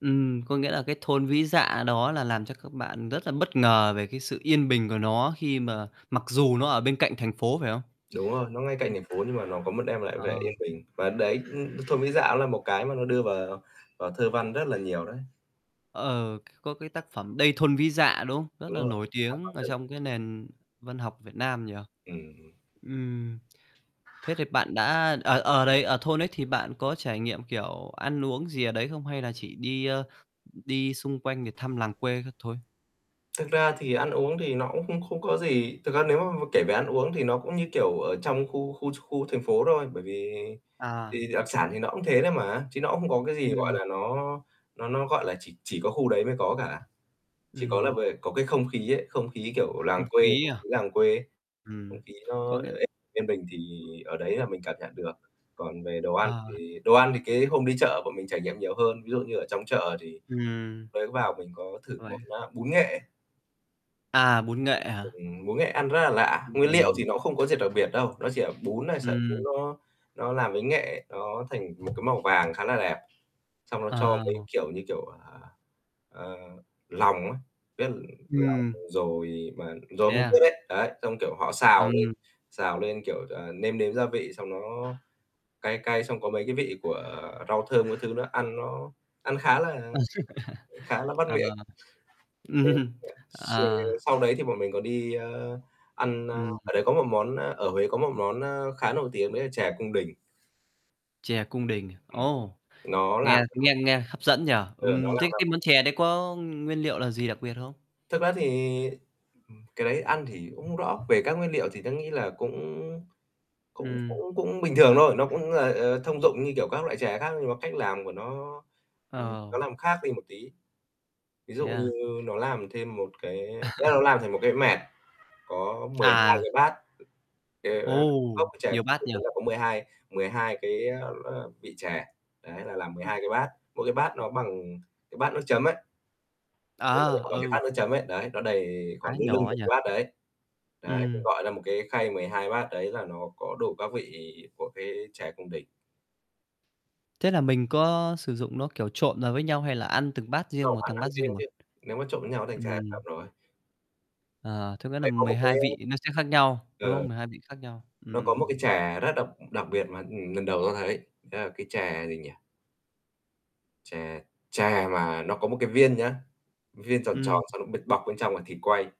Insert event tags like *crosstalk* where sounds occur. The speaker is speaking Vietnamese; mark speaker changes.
Speaker 1: Ừm, có nghĩa là cái thôn Vĩ Dạ đó là làm cho các bạn rất là bất ngờ về cái sự yên bình của nó khi mà mặc dù nó ở bên cạnh thành phố phải hông?
Speaker 2: Đúng rồi, nó ngay cạnh
Speaker 1: Ừm.
Speaker 2: thành phố nhưng mà nó có một đem lại vẻ yên
Speaker 1: Ờ.
Speaker 2: bình. Và đấy, ưm, thôn Vĩ Dạ là một cái mà nó đưa vào vào thơ văn rất là nhiều đấy.
Speaker 1: Ờ, có cái tác phẩm "Đây thôn Vĩ Dạ" đúng hông? Rất
Speaker 2: Đúng
Speaker 1: là
Speaker 2: rồi.
Speaker 1: nổi
Speaker 2: Hàn
Speaker 1: tiếng
Speaker 2: Mặc
Speaker 1: ở
Speaker 2: Tử.
Speaker 1: trong cái nền văn học Việt Nam nhỉ.
Speaker 2: Ừm.
Speaker 1: Ừm. Thế thì bạn đã ờ ờ, đấy ở thôn ấy, thì bạn có trải nghiệm, kiểu, ăn uống gì ở đấy không hay là chỉ đi, ơ, đi xung quanh để thăm làng quê các thôi?
Speaker 2: Thực ra thì ăn uống thì nó cũng không không có gì. Thực ra nếu mà mà kể về ăn uống thì nó cũng như, kiểu, ở trong khu khu ch khu thành phố thôi, bởi vì,
Speaker 1: À.
Speaker 2: thì đặc sản thì nó cũng thế thôi mà, chứ nó không có cái gì, gọi
Speaker 1: Ừm.
Speaker 2: là, nó nó nó gọi là, chỉ chỉ có khu đấy mới có cả. Chỉ có là
Speaker 1: Ừm.
Speaker 2: về có cái không khí ấy, không khí, kiểu,
Speaker 1: Không
Speaker 2: làng quê,
Speaker 1: khí
Speaker 2: không
Speaker 1: à?
Speaker 2: khí làng quê ấy, không
Speaker 1: Ừm,
Speaker 2: khí
Speaker 1: có
Speaker 2: nó
Speaker 1: nghĩa
Speaker 2: yên bình thì ở đấy là mình cảm nhận được. Còn về đồ ăn
Speaker 1: À.
Speaker 2: thì đồ ăn thì cái hôm đi chợ bọn mình trải nghiệm nhiều hơn, ví dụ như ở trong chợ thì
Speaker 1: Ừm.
Speaker 2: mới vào mình có thử
Speaker 1: Uầy.
Speaker 2: món, a, bún nghệ.
Speaker 1: À, bún nghệ hả?
Speaker 2: Ừm, bún nghệ ăn rất là lạ, nguyên liệu thì
Speaker 1: Ừm.
Speaker 2: nó cũng không có gì đặc biệt đâu, nó chỉ là bún này, sợi bún
Speaker 1: Ừm.
Speaker 2: nó nó làm với nghệ, nó thành một cái màu vàng khá là đẹp, xong nó cho mấy,
Speaker 1: À.
Speaker 2: kiểu như, kiểu, ờ, ơ, lòng á, biết lòng
Speaker 1: Ừm.
Speaker 2: dồi mà, dồi
Speaker 1: Thế
Speaker 2: hông tiết
Speaker 1: à?
Speaker 2: ấy, đấy, xong kiểu họ xào lên,
Speaker 1: Ừm.
Speaker 2: xào lên kiểu, à, nêm nếm gia vị xong nó cay cay, xong có mấy cái vị của rau thơm các thứ nữa, ăn nó ăn khá là khá là
Speaker 1: *chuckles*
Speaker 2: bắt
Speaker 1: Ờ.
Speaker 2: miệng. Thêm
Speaker 1: Ừm.
Speaker 2: cả s
Speaker 1: Ờ.
Speaker 2: sau đấy thì bọn mình còn đi, ơ, ăn, a
Speaker 1: Ừm.
Speaker 2: ở đấy có một món, a ở Huế có một món, a, khá nổi tiếng đấy là chè cung đình.
Speaker 1: Chè cung đình.
Speaker 2: Ừm,
Speaker 1: Ồ.
Speaker 2: nó
Speaker 1: Nghe
Speaker 2: làm
Speaker 1: nghe
Speaker 2: *unintelligible*
Speaker 1: nghe hấp dẫn nhỉ,
Speaker 2: Ừ, nó
Speaker 1: ừm. Thế
Speaker 2: làm ra
Speaker 1: cái
Speaker 2: m
Speaker 1: món chè đấy có, ưm, nguyên liệu là gì đặc biệt hông?
Speaker 2: Thực ra thì, ừm, cái đấy ăn thì cũng không rõ. Về các nguyên liệu thì tớ nghĩ là cũng cũng
Speaker 1: Ừm.
Speaker 2: cũng cũng bình thường thôi, nó cũng là, ờ, ờ, thông dụng như kiểu các loại chè khác nhưng mà cách làm của nó, ừm, nó
Speaker 1: Ờ.
Speaker 2: làm khác đi một tí. Ví
Speaker 1: Thế
Speaker 2: dụ như
Speaker 1: à?
Speaker 2: nó làm thêm một cái, a, cái nó
Speaker 1: *chuckles*
Speaker 2: làm thành một cái mẹt có 12
Speaker 1: À.
Speaker 2: cái bát, kiểu, a,
Speaker 1: Ồ!
Speaker 2: cốc chè
Speaker 1: Nhiều bát nhỉ.
Speaker 2: *unintelligible* có 12, 12 cái, ờm, ờm, vị chè. Đấy là làm mười
Speaker 1: Ừm.
Speaker 2: hai cái bát, mỗi cái bát nó bằng cái bát nước chấm ấy. Nó nhỏ
Speaker 1: À,
Speaker 2: nhỏ bằng cái
Speaker 1: ừ.
Speaker 2: bát nước chấm ấy, đấy, nó đầy
Speaker 1: Á,
Speaker 2: khoảng lưng lưng
Speaker 1: nhỏ á
Speaker 2: một cái
Speaker 1: nhỉ?
Speaker 2: bát đấy. Đấy, thì,
Speaker 1: Ừm.
Speaker 2: gọi là, một cái khay 12 bát đấy là nó có đủ các vị của cái chè cung đình.
Speaker 1: Thế là mình có sử dụng nó, kiểu, trộn vào với nhau hay là ăn từng bát riêng
Speaker 2: Đâu
Speaker 1: một,
Speaker 2: ăn
Speaker 1: từng
Speaker 2: ăn
Speaker 1: bát riêng
Speaker 2: riêng
Speaker 1: một?
Speaker 2: chứ, nếu mà trộn với nhau nó thành chè thập cẩm
Speaker 1: Ừm.
Speaker 2: rồi.
Speaker 1: À, thế có nghĩa là
Speaker 2: Đấy có
Speaker 1: mười
Speaker 2: một cái
Speaker 1: hai vị nó sẽ khác nhau, đúng
Speaker 2: Ừ.
Speaker 1: không? 12 vị khác nhau.
Speaker 2: Nó có một
Speaker 1: Ừm.
Speaker 2: cái chè rất đặc đặc biệt mà lần đầu tớ thấy, đó là cái chè gì nhỉ? Chè, chè mà nó có một cái viên nhá, viên tròn tròn
Speaker 1: Ừm.
Speaker 2: xong nó bịt bọc bên trong là thịt quay.